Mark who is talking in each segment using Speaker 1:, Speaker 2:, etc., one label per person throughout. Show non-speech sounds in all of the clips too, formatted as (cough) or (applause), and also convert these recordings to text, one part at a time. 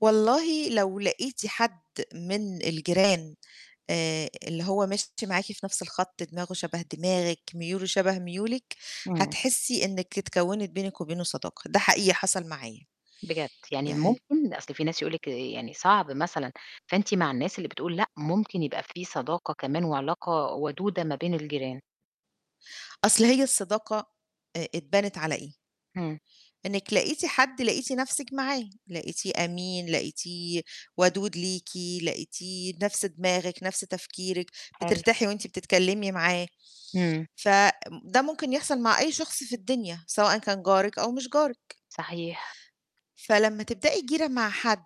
Speaker 1: والله لو لاقيتِ حد من الجيران آآ اللي هو ماشي معاكِ في نَفس الخط، دماغه شَبَه دماغِك، ميوله شبه ميولِك،
Speaker 2: إمم.
Speaker 1: هتحسي إنِك اتكونِت بينِك وبينه صداقة، ده حقيقي حصل معايا.
Speaker 2: بجد! يعني
Speaker 1: يع
Speaker 2: ممكن؟ أصل في ناس يقول لِك يعني صعب مثلًا. فأنتِ مع الناس اللي بتقول لأ ممكن يبقى في صداقة كمان وعلاقة ودودة ما بين الجيران؟
Speaker 1: أصل هي الصداقة آآ اتبنِت على إيه؟
Speaker 2: امم.
Speaker 1: إنِك لقيتِ حد لقيتِ نَفسِك معاه، لقيتيه أمين، لقيتيه ودود ليكِ، لقيتيه نَفس دماغِك، نَفس تفكيرِك،
Speaker 2: حلو.
Speaker 1: بترتاحي وأنتِ بتتكلمي معاه.
Speaker 2: إمم.
Speaker 1: فده ممكن يحصل مع أي شخص في الدنيا سواءً كان جارِك أو مش جارِك.
Speaker 2: صحيح.
Speaker 1: فلمّا تبدأي جيرة مع حد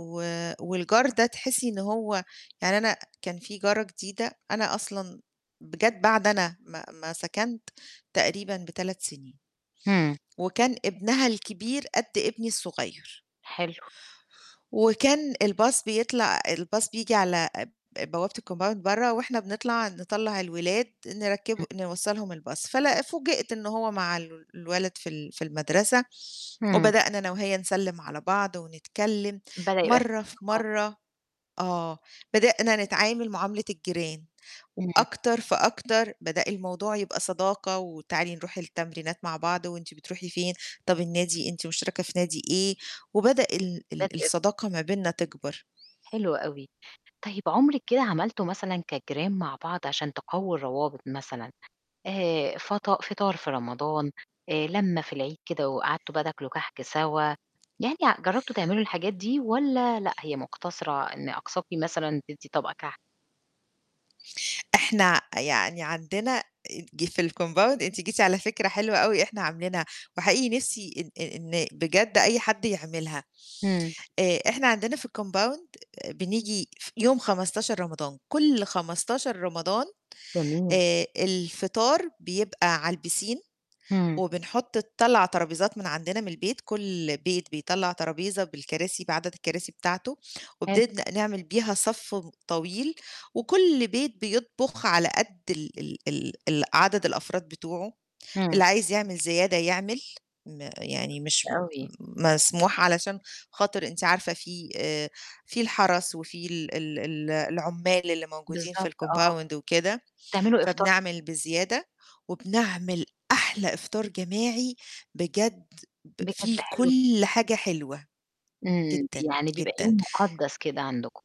Speaker 1: و والجار ده تحسي إن هو يعني أنا كان في جارة جديدة أنا أصلًا ب جَت بعد أنا ما ما سكنت تقريبًا ب3 سنين.
Speaker 2: امم.
Speaker 1: وكان ابنها الكبير قد ابني الصغير.
Speaker 2: حلو.
Speaker 1: وكان الBus بيطلع الBus بييجي على ب بوابة الCompound برّه وإحنا بنطلع نطلَّع الولاد نركِّبه
Speaker 2: (unintelligible)
Speaker 1: نوصَّلهم الBus فلأ فوجئت إن هو مع ال الولد في ال في المدرسة
Speaker 2: امم.
Speaker 1: وبدأنا أنا وهي نسلم على بعض ونتكلم
Speaker 2: بدأ يبقى في
Speaker 1: مرّة في
Speaker 2: صداقة
Speaker 1: مرّة آه، بدأنا نتعامل معاملة الجيران
Speaker 2: إمم.
Speaker 1: وأكتر فأكتر بدأ الموضوع يبقى صداقة، وتعالي نروح التمرينات مع بعض. وأنتِ بتروحي فين؟ طب النادي أنتِ مشتركة في نادي إيه؟ وبدأ ال ال
Speaker 2: (unintelligible)
Speaker 1: الصداقة ما بيننا تكبر.
Speaker 2: حلو أوي. طيب عمرِك كده عملتوا مثلًا كجيران مع بعض عشان تقووا الروابط مثلًا، آآ فَطا فطار في رمضان، آآ لمة في العيد كده وقعدتوا بقى تاكلوا كحك سوا؟ يعني ع جربتوا تعملوا الحاجات دي والّا لأ هي مقتصرة إن أقصاكِ مثلًا تدّي طبق كحك؟
Speaker 1: إحنا ع يعني عندنا ج في الCompound أنتِ جيتِ على فكرة حلوة أوي إحنا عاملينها، وحقيقي نِفسي إن إن بجد أي حد يعملها.
Speaker 2: إمم.
Speaker 1: آآ إحنا عندنا في الCompound بنيجي ف يوم 15 رمضان، كُل 15 رمضان
Speaker 2: جميل.
Speaker 1: آآ الفطار بيبقى على الpiscine.
Speaker 2: إمم.
Speaker 1: وبنحط نطلَّع طرابيزات من عندنا من البيت، كُل بيت بيطلَّع طرابيزة بالكراسي بعدد الكراسي بتاعته
Speaker 2: حلو.
Speaker 1: وبنبدأ نعمل بيها صف طويل، وكُل بيت بيطبخ على قد ال ال ال ال عدد الأفراد بتوعه،
Speaker 2: إمم.
Speaker 1: اللي عايز يعمل زيادة يعمل م يعني مش م
Speaker 2: أوي.
Speaker 1: م مسموح علشان خاطر أنتِ عارفة في آآ في الحرس وفي ال ال ال العُمال اللي موجودين في
Speaker 2: بالضبط آه.
Speaker 1: الCompound وكده
Speaker 2: تعملوا إفطا
Speaker 1: فبنعمل بزيادة وبنعمل أحلى إفطار جماعي بجد ب
Speaker 2: بجد
Speaker 1: فيه
Speaker 2: حلو
Speaker 1: كُل
Speaker 2: جدًا.
Speaker 1: حاجة حلوة.
Speaker 2: إمم،
Speaker 1: جدًا،
Speaker 2: يعني بيبقى
Speaker 1: جدًا.
Speaker 2: يوم مُقدس كده عَندكم.